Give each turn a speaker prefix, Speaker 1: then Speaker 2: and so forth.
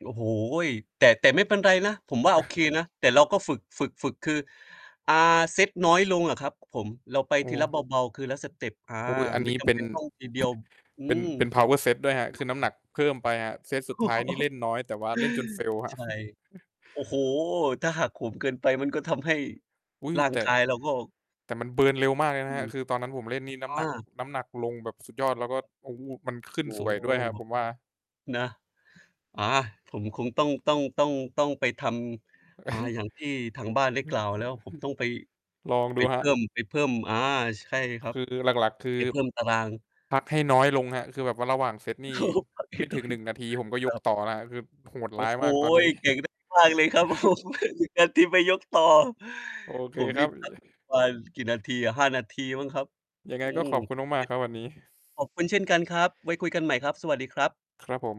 Speaker 1: โอ้โฮ! แต่ แต่ไม่เป็นไรนะ ผมว่าโอเคนะ แต่เราก็ฝึก ฝึก ฝึก คือ อ่า เซตน้อยลงอะครับผม เราไป
Speaker 2: โอ
Speaker 1: ทีละเ
Speaker 2: ้
Speaker 1: บา ๆ คือละสเตป อา
Speaker 2: โอ๊ย อัน
Speaker 1: ไม
Speaker 2: น
Speaker 1: ่
Speaker 2: ี้
Speaker 1: จ
Speaker 2: เป็
Speaker 1: ำเป
Speaker 2: น
Speaker 1: ็นต้อง ทีเดียว อื
Speaker 2: เป็น
Speaker 1: ม
Speaker 2: เป็น Power set ด้วยครับ คือน้ำหนักเพิ่มไปอะ เซตสุดท้ายนี่เล่นน้อย แต่ว่าเล่นจน fail คร
Speaker 1: ใช
Speaker 2: ับ
Speaker 1: ่ โอ้โฮ! ถ้าหักโหมเกินไป มันก็ทำให้
Speaker 2: อุ๊ย
Speaker 1: ร่าง
Speaker 2: แต่
Speaker 1: กายเราก็
Speaker 2: แต่มัน เบิร์น เร็วมากเลยน
Speaker 1: อื
Speaker 2: ะครับ
Speaker 1: ม
Speaker 2: คือตอนนั้นผมเล่นนี่ น้
Speaker 1: อ
Speaker 2: ำหนัก
Speaker 1: า
Speaker 2: น้ำหนักลงแบบสุดยอด แล้วก็ โอ้ มันขึ้
Speaker 1: โอ
Speaker 2: น
Speaker 1: ้
Speaker 2: สวยด้วยครับผมว่า
Speaker 1: นะ อา ผมคงต้อง ต้อง ต้อง ต้องไปทำ อ่า อย่างที่ทางบ้านได้กล่าวแล้ว ผมต้องไป
Speaker 2: ลอง
Speaker 1: ไ
Speaker 2: ด
Speaker 1: ป
Speaker 2: ูค
Speaker 1: เพ
Speaker 2: รั
Speaker 1: ิ่
Speaker 2: บ
Speaker 1: ม ไปเพิ่ม อา ใช่ครั
Speaker 2: ค
Speaker 1: บ
Speaker 2: ือ หลัก ๆ คื
Speaker 1: ไป
Speaker 2: อ
Speaker 1: เพิ่มตาราง
Speaker 2: พักให้น้อยลงครับ คือแบบว่าระหว่างเซต
Speaker 1: โ
Speaker 2: นี่
Speaker 1: อ้โฮ ปรับให
Speaker 2: ไม
Speaker 1: ้
Speaker 2: ่
Speaker 1: น
Speaker 2: ถ
Speaker 1: ้
Speaker 2: ึ
Speaker 1: อ
Speaker 2: ง
Speaker 1: ย
Speaker 2: 1
Speaker 1: ล
Speaker 2: นา
Speaker 1: ง
Speaker 2: ที ผมก็
Speaker 1: ค
Speaker 2: ย
Speaker 1: ร
Speaker 2: ก
Speaker 1: ับ
Speaker 2: ต่อนะครับ คือโหด
Speaker 1: โอ
Speaker 2: ร
Speaker 1: ้
Speaker 2: ้าย
Speaker 1: โฮ!
Speaker 2: มาก ตอนนี้
Speaker 1: เก่ง มาก ๆ เลยครับ โอ้โฮ 1 นาทีไปยกต่อ
Speaker 2: โอเค
Speaker 1: ผม
Speaker 2: ค
Speaker 1: น
Speaker 2: รั
Speaker 1: ี่
Speaker 2: บ
Speaker 1: พัก ประมาณกี่นาทีอะ? 5 นาทีมั้งครับ
Speaker 2: ยังไง
Speaker 1: อื
Speaker 2: ก็
Speaker 1: ม
Speaker 2: ขอบคุณมาก ๆ ครับวันนี้
Speaker 1: ต่อเซต ขอบคุณเช่นกันครับ ไว้คุยกันใหม่ครับ สวัสดีครับ
Speaker 2: ครับผม